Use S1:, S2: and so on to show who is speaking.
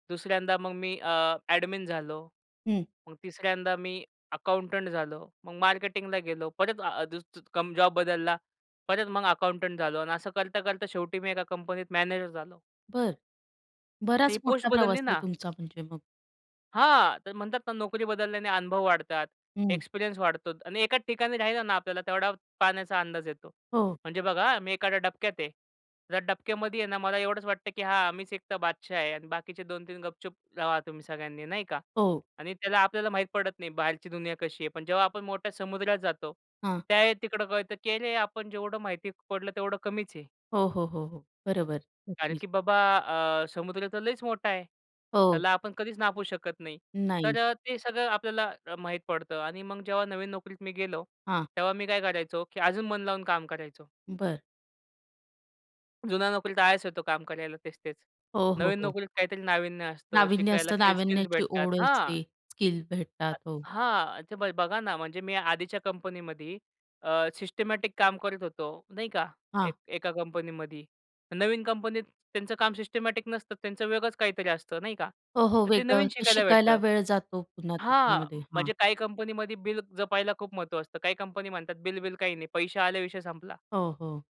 S1: दुसऱ्यांदा मग मी अ, ॲडमिन झालो.
S2: हं.
S1: मग तिसऱ्यांदा मी अकाउंटंट झालो. मग मार्केटिंगला गेलो. परत अ, दूस कम जॉब बदलला. परत मग अकाउंटंट झालो आणि असं करता-करता शेवटी मी एका कंपनीत मॅनेजर झालो.
S2: बरं.
S1: ती
S2: बराच
S1: पोस्ट
S2: मोठा प्रवास
S1: बदलली
S2: आहे
S1: ना.
S2: तुमचा म्हणजे मग.
S1: हां, तर म्हणतात ना नोकरी बदलल्याने अनुभव वाढतात.
S2: हं.
S1: एक्सपिरियन्स वाढतो. आणि एकाच ठिकाणी राहिला ना, आपल्याला तेवढा पाण्याचा अंदाज येतो.
S2: हो.
S1: म्हणजे बघा हा, मी एखाद्या डबक्यात आहे. जर डबक्यामधी आहे ना, मला एवढंच वाटतं की हां, मीच एकटा बादशहा आहे आणि बाकीचे 2-3 गपचूप रहा, तुम्ही सगळ्यांनी नाही का?
S2: हो.
S1: आणि त्याला आपल्याला माहीत पडत नाही, बाहेरची दुनिया कशी आहे? पण जेव्हा आपण मोठ्या समुद्रात जातो.
S2: हां.
S1: त्यावेळी तिकडं कळतं, की "अरे! आपण जेवढं माहिती पडलं, तेवढं कमीच आहे."
S2: हो, हो, हो, हो. बरोबर.
S1: "कारण
S2: नक्कीच.
S1: की बाबा अ, समुद्र तर लईच मोठा आहे.
S2: हो.
S1: त्याला आपण कधीच नापूू शकत नाही."
S2: नाही.
S1: तर अ, ते सगळं आपल्याला अ, माहीत पडतं आणि मग जेव्हा नवीन नोकरीत मी गेलो.
S2: हां.
S1: तेव्हा मी काय करायचो? की अजून मन लावून काम करायचो.
S2: बरं.
S1: जुन्या नोकरीत आळस येतो काम करायला तेच-तेच.
S2: हो, हो,
S1: नवीन
S2: हो.
S1: नोकरीत काहीतरी नाविन्य असतं,
S2: नाविन्य
S1: शिकायला
S2: असतं.
S1: काही स्किल्स
S2: नावीन्याची
S1: भेटतात
S2: ओढ
S1: हां.
S2: असते. स्किल भेटतात
S1: अ,
S2: हो.
S1: हां. ते ब बघा ना, म्हणजे मी आधीच्या कंपनीमध्ये अ, सिस्टिमॅटिक काम करत होतो. नाही का?
S2: हां.
S1: एक एका कंपनीमध्ये. नवीन कंपनीत त्यांचं काम सिस्टिमॅटिक नसतं, त्यांचं वेगळच काहीतरी असतं नाही का?
S2: हो, हो.
S1: तर ते नवीन
S2: वेगळं ते
S1: शिकायला
S2: शिकायला
S1: भेटतं
S2: वेळ जातो पुन्हा
S1: हां,
S2: त्याच्यामध्ये हां.
S1: म्हणजे काही कंपनीमध्ये बिल जपायला खूप महत्व असतं. काही कंपनी म्हणतात बिल-विल काही नाही. पैसे आले विषय संपला.
S2: हो, हो.